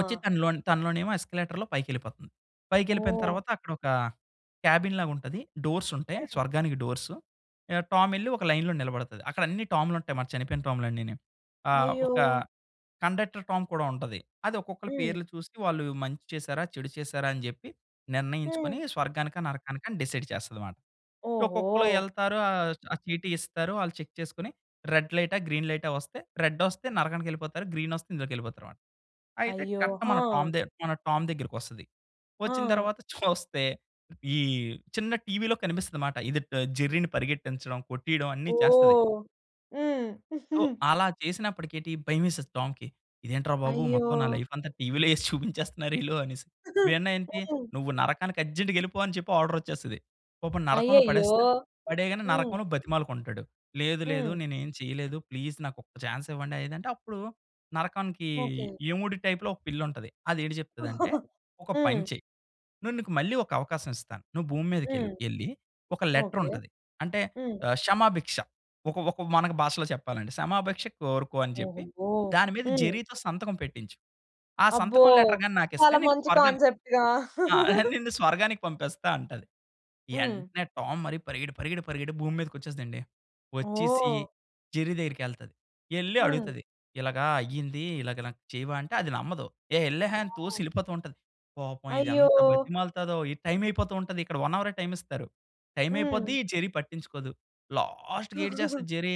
వచ్చి తనలోని తనలోనేమో ఎస్కలేటర్‌లో పైకేళ్ళిపోతుంది. పైకేళ్ళిపోయిన ఓహ్! తరువాత అక్కడ ఒక క్యాబిన్ లాగుంటది. డోర్సుంటాయి హ్మ్. స్వర్గానికి డోర్సు. యాహ్! టామెళ్లి ఒక లైన్‌లో నిలబడతది. అక్కడన్నీ టాములుంటాయి మన చనిపోయిన టామ్‌లన్నీని. ఆ! అయ్యో! ఒక కండక్టర్ టామ్ కూడా ఉంటది. అది ఒక్కొక్కళ్ళ హ్మ్. పేర్లు చూసి వాళ్ళు మంచి చేసారా, చెడు చేసారా అని జేప్పి హ్మ్. నిర్ణయించుకొని స్వర్గానికా, నరకానికని డిసైడ్ చేస్తదమాట. ఒక్కొక్కళ్ళు ఓహో! వెళ్తారు ఆహ్, ఆ చీటీ ఇస్తారు, ఆళ్ళు చెక్ చేసుకొని రెడ్ లైటా, గ్రీన్ లైటా వస్తే రెడ్డొస్తే నరకానికెళ్ళిపోతారు. గ్రీనొస్తే ఇందులోకి వెళ్ళిపోతారమాట. అయితే అయ్యో! కరెక్ట్ మన ఆ! టామ్ దే మన టామ్ దగ్గరికోస్తది. వచ్చిన ఆ! తరువాత చూస్తే ఈ చిన్న టీవీ‌లో కనిపిస్తదమాట. ఇది ట జెర్రీని పరిగెట్టించడం కొట్టియడం అన్ని చేస్తది. ఓహ్! హ్మ్. తో అలా చేసినప్పటికేటి భయమేసేది టామ్‌కి. ఇదేంట్రా బాబు అయ్యో! మొత్తం నా లైఫంతా టీవీ‌లో ఏసి చూపించేస్తున్నారీళ్ళు అనేసి. ఇవన్నేంటి హ్మ్. నువ్వు నరకానికి అర్జెంట్‌గా ఎళ్ళిపో అని చెప్పి ఆర్డర్ వచ్చేస్తది. పాపం నరకంలో అయ్యయ్యో! పడేస్తది, పడేయగానే హ్మ్. నరకంలో బతిమాలుకుంటాడు. "లేదు లేదు హ్మ్. నేనేం చేయలేదు ప్లీజ్ నాకొక్క చాన్సివ్వండనేది" అంటే అప్పుడు నరకానికి ఓకే. యముడి టైప్‌లో ఒక పిల్లుంటది. అది ఏటి చెప్తదంటే, "ఒక పని హ్మ్. చేయి. నేను నీకు మళ్ళీ ఒక అవకాశమిస్తాను. నువ్వు భూమి మీదకేళ్ళు. హ్మ్. ఎళ్ళి ఒక ఓకే. లెటరుంటది అంటే హ్మ్. ఆహ్, క్షమాభిక్ష ఒక ఒక మన భాషలో చెప్పాలంటే సమాభిక్ష కోరుకో అని చెప్పి ఓహోహూ! దాని మీద హ్మ్. జెరీ‌తో సంతకం పెట్టించు. ఆ అబ్బో! సంతకం లెటర్ గాని నాకిస్తే చాలా నీకు మంచి స్వర్గాని కాన్సెప్ట్‌గా. ఆ! నిన్ను స్వర్గానికి పంపిస్తాంటది." హ్మ్. ఎంటనే టామ్ మరి పరిగెడి పరిగెడి పరిగెడి భూమి మీదకి వచ్చేస్తదండి. వచ్చేసి ఓహ్! జెర్రీ దగ్గరికేళ్తాది. ఎళ్లి హ్మ్. అడుగుతది ఇలాగా అయ్యింది, ఇలాగా నాకు చేయవాంటే అది నమ్మదు. ఏ ఎల్లహే! అని తోసి ఓహ్! ఎళ్ళిపోతూంటది. పాపం ఇది అయ్యో! ఎంత బతిమాలుతాదో ఈ టైమ్ అయిపోతూంటది ఇక్కడ 1 హవరే టైమిస్తారు. టైమయిపోద్ది. హ్మ్. ఈ జెర్రీ పట్టించుకోదు. లాస్ట్‌కి ఏటిచేస్తది జెర్రీ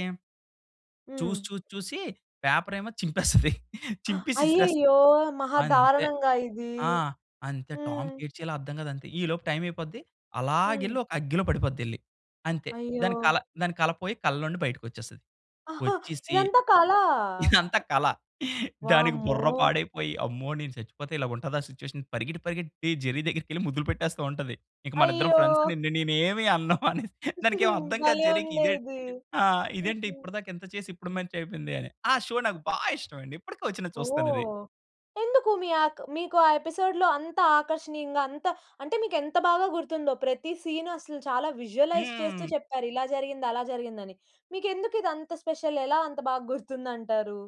హ్మ్. చూసి చూసి చూసి పేపరేమో చింపేస్తది. చింపేసి విసిరేస్తది. అయ్యయ్యో! మహా అంతే దారణంగా ఇది. ఆ! అంతే హ్మ్. టామ్‌కి ఎటిచేయాలో అర్థం కాదంతే ఈలోపు టైమయిపోద్ది. హ్మ్. అలాగేళ్లి ఒక అగ్గిలో పడిపోద్దెల్లి. అంతే అయ్యో! దాని కల దాని కల పోయి కల్లలో నుండి బయటకోచ్చేస్తది. ఆహా! వచ్చేసి ఇదంతా కలా! ఇదంతా కల. దానికి వామ్మో! బుర్ర పాడైపోయి అమ్మో నేను సచ్చిపోతే ఇలాగుంటదా సిట్యుయేషన్ పరిగెట్టి పరిగెత్తి జెర్రీ దగ్గరికేళ్లి ముద్దులు పెట్టేస్తావుంటది. ఇక మనిద్దరం ఫ్రెండ్స్. అయ్యో! నిన్ను నేనేమి అన్ను అనేసి దానికేం అర్థం కాదు భలే జెర్రీకి. ఉందే ఇదే ఇది. ఆ! ఇదేంటి హుహు. ఇప్పడి దాకా ఇంత చేసి ఇప్పుడు మంచయిపోయిందని. ఆ! షో నాకు బాగా ఇష్టం అండి ఇప్పటికొచ్చినా చూస్తానది. ఓహ్! ఎందుకు మీ ఆక్ మీకు ఆ ఎపిసోడ్‌లో అంత ఆకర్షణీయంగా అంత అంటే మీకేంత బాగా గుర్తుందో ప్రతి సీను అసలు చాలా విజువలైజ్ చేస్తూ హ్మ్. చెప్పారు ఇలా జరిగింది, అలా జరిగిందని. మీకెందుకు ఇదంత స్పెషల్ ఎలా అంత బాగా గుర్తుందంటారు?